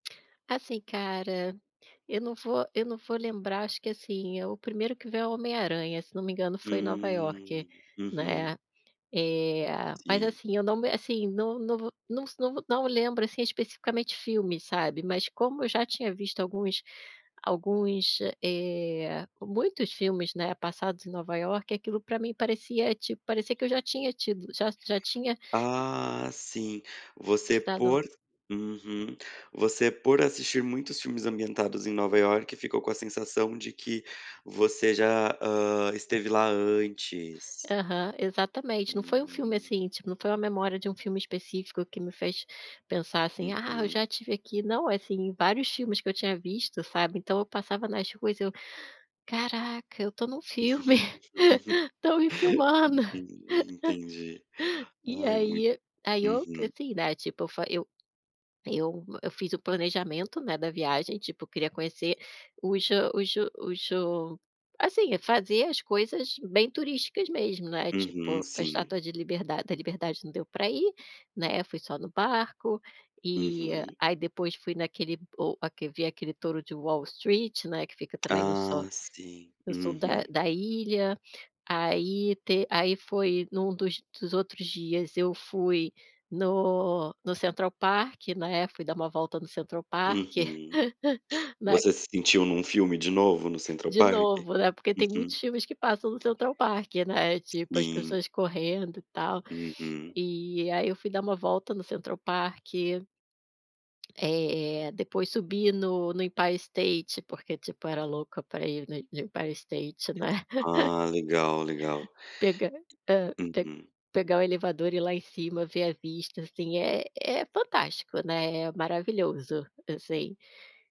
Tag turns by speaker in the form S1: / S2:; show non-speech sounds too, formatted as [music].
S1: Assim cara, eu não vou eu não vou lembrar. Acho que, assim, é o primeiro que vem é o Homem-aranha. Se não me engano, foi em Nova Iorque,
S2: Hum, uhum.
S1: né? Eh, mas,
S2: Sim.
S1: assim, eu não me assim, não não vo não s não não lembro, assim, especificamente filmes, sabe? Mas como eu já tinha visto alguns alguns, eh eh, muitos filmes, né, passados em Nova Iorque, aquilo para mim parecia tipo parecia que eu já tinha tido já já tinha
S2: Ah, sim. Você
S1: estado
S2: por uhum. Você, por assistir muitos filmes ambientados em Nova Iorque, ficou com a sensação de que você já, hã, esteve lá antes.
S1: Aham, exatamente. Não foi um filme
S2: Hum.
S1: assim, tipo, não foi uma memória de um filme específico que me fez pensar assim: "Ah, eu
S2: Uhum.
S1: já estive aqui". Não, assim, em vários filmes que eu tinha visto, sabe? Então eu passava nas ruas, eu "Caraca, eu tô num filme. [laughs] Estão me
S2: [laughs]
S1: filmando.
S2: Entendi, entendi.
S1: [laughs] E
S2: Ai, muito
S1: aí aí, eu,
S2: uhum.
S1: assim, né, tipo eu eu fiz o planejamento, né, da viagem. Tipo queria conhecer os hã os os o assim, fazer as coisas bem turísticas mesmo, né?
S2: Uhum,
S1: Tipo a
S2: sim.
S1: estátua de liberdade da liberdade não deu para ir, né, fui só no barco. E
S2: Uhum.
S1: aí, depois fui naquele o vi aquele touro de Wall Street, né, que fica também no so
S2: Ah, sim.
S1: no sul da
S2: Uhum.
S1: da ilha. Aí, te aí, foi num dos dos outros dias, eu fui no no Central Park, né. Fui dar uma volta no Central Park,
S2: Uhum.
S1: [laughs] né
S2: Você se sentiu num filme de novo no Central
S1: De
S2: Park?
S1: novo, né, porque tem muitos
S2: Uhum.
S1: filmes que passam no Central Park, né? Tipo as
S2: Sim.
S1: pessoas correndo e tal.
S2: Uhum.
S1: E aí, eu fui dar uma volta no Central Park. Eh eh, depois subi no no Empire State, porque, tipo, era louca para ir no no Empire State, né. [laughs]
S2: Ah, legal, legal.
S1: Pegar hã. Pe
S2: Uhum.
S1: pegar o elevador e ir lá em cima, ver a vista. Assim é é fantástico, né. É maravilhoso, assim.